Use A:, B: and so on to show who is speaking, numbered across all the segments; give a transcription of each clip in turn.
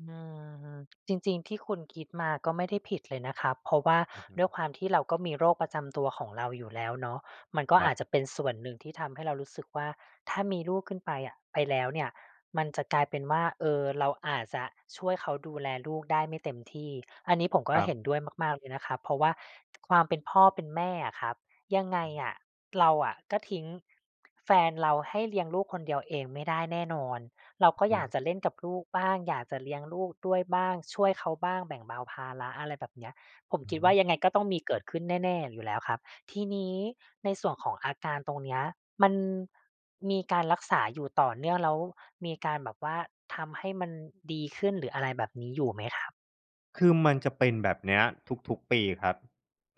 A: อืม จริง ๆ ที่คุณคิดมาก็ไม่ได้ผิดเลยนะครับ เพราะว่า
B: อือฮึ
A: ด้วยความที่เราก็มีโรคประจำตัวของเราอยู่แล้วเนาะ มันก็
B: คร
A: อ
B: ั
A: า
B: บ
A: จจะเป็นส่วนหนึ่งที่ทำให้เรารู้สึกว่า ถ้ามีลูกขึ้นไปอะ ไปแล้วเนี่ย มันจะกลายเป็นว่า เออ เราอาจจะช่วยเขาดูแลลูกได้ไม่เต็มที่ อันนี้ผมก็
B: ครั
A: เห
B: บ
A: ็นด้วยมาก ๆ เลยนะครับ เพราะว่า ความเป็นพ่อเป็นแม่อะครับ ยังไงอะเราอะก็ทิ้ง แฟนเราให้เลี้ยงลูกคนเดียวเองไม่ได้แน่นอน เรา
B: อื
A: ก็
B: อฮ
A: อยาก
B: ื
A: จะเล่นกับลูกบ้าง อยากจะเลี้ยงลูกด้วยบ้าง ช่วยเขาบ้าง แบ่งเบาภาระ อะไรแบบเนี้ย ผม
B: อื
A: ค
B: อ
A: ิดว่
B: ฮ
A: า
B: ื
A: ยังไงก็ต้องมีเกิดขึ้นแน่ ๆ อยู่แล้วครับ ทีนี้ในส่วนของอาการตรงเนี้ยมัน มีการรักษาอยู่ต่อเนื่อง แล้วมีการแบบว่าทำให้มันดีขึ้นหรืออะไรแบบนี้ อยู่ไหมครับ?
B: คือมันจะเป็นแบบเนี้ยทุก ๆ ปีครับ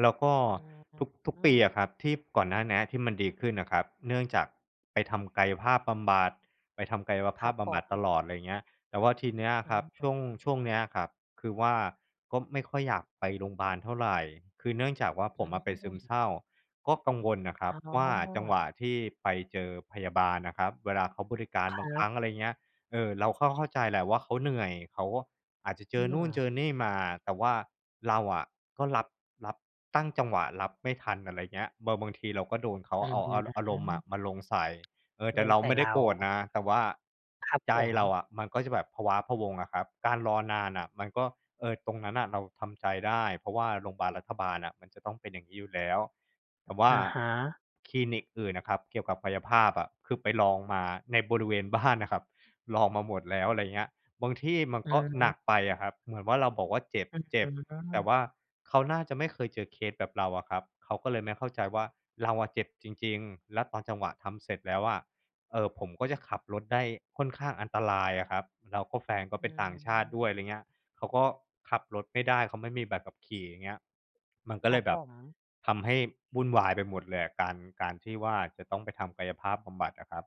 B: แล้วก็
A: อื
B: ทุก ทุกปีอ
A: ม
B: ะครับ ที่ก่อนหน้าเนี้ยที่มันดีขึ้นน่ะครับ เนื่องจากไปทำกายภาพบำบัด ไปทำกายภ
A: ค
B: า
A: รั
B: พ
A: บ
B: บ
A: ผ
B: ำบัดต
A: ม
B: ลอด ไรเงี้ย แต่ว่าทีเนี้ย
A: อ
B: ครับ ช
A: ืม
B: ่วง ช่วงเนี้ยครับ คือว่า ก็ไม่ค่อยอยากไปโรงบาลเท่าไร คือเนื่องจากว่า ผ
A: อ
B: มอะเป็นซึม
A: ืม
B: เศร้า ก็กังวลน่ะคร
A: อ
B: ั
A: ๋
B: บว่า จัง
A: อ
B: หวะที่ไปเจอพยาบาลน่ะครับเวลาเขาบริการ
A: ค
B: บา
A: ร
B: งคร
A: ั
B: ั
A: บ
B: ้ง อะไรเงี้ย เออ เราก็เข้าใจแหละว่า เขาเหนื่อย เขาก็อาจจะเจ
A: อื
B: อนู่นเจ
A: ม
B: อนี่มา แต่ว่าเราอะก็รับ รับ ตั้งจังหวะรับไม่ทัน อะไรเงี้ย บาง บางทีเราก็โดนเขา
A: อื
B: เอ
A: ม
B: าอา อารมณ์อะมาลงใส่ เออ แต
A: ล
B: ่
A: ง
B: เรา
A: ใส่
B: ไม่
A: เร
B: ได้
A: า
B: โกรธนะ แต่ว่า
A: ครับ
B: ใจ
A: ผ
B: เรา
A: ม
B: อะมันก็จะแบบพะว้าพะวัง อะครับ การรอนานน่ะมันก็ เออ ตรงนั้นน่ะเราทำใจได้ เพราะว่าโรงบาลรัฐบาลน่ะ มันจะต้องเป็นอย่างงี้อยู่แล้ว แต่ว่า
A: อะฮะ
B: คลินิกอื่นอะครับเกี่ยวกับกายภาพอะ คือไปลองมาในบริเวณบ้านน่ะครับ ลองมาหมดแล้ว อะไรเงี้ย บางที่มัน
A: อื
B: ก็หนักไปอ
A: ม
B: ะครับ เหมือนว่า เราบอกว่า "เ
A: อื้อ
B: จ็บ ๆ"
A: ฮ
B: แ
A: ื
B: ต่ว่
A: อ
B: าเขาน่าจะไม่เคยเจอเคสแบบเราอะครับ เขาก็เลยไม่เข้าใจว่า เราอะเจ็บจริง ๆ แล้วตอนจังหวะทำเสร็จแล้วอะ เอ่อ ผมก็จะขับรถได้ค่อนข้างอันตรายอะครับ แล้วก็ แฟนก็
A: อ
B: เป
A: ื
B: ็นต่างชาติด้ว
A: ม
B: ย ไรเงี้ย เขาก็ขับรถไม่ได้ เขาไม่มีใบขี่ อย่างเงี้ย มันก็
A: ค
B: เ
A: ร
B: ล
A: ั
B: ย
A: บ
B: แบ
A: ผ
B: บ
A: ม
B: ทำให้วุ่นวายไปหมดเลยอะการ การที่ว่า จะต้องไปทำกายภาพบำบัดอะครับ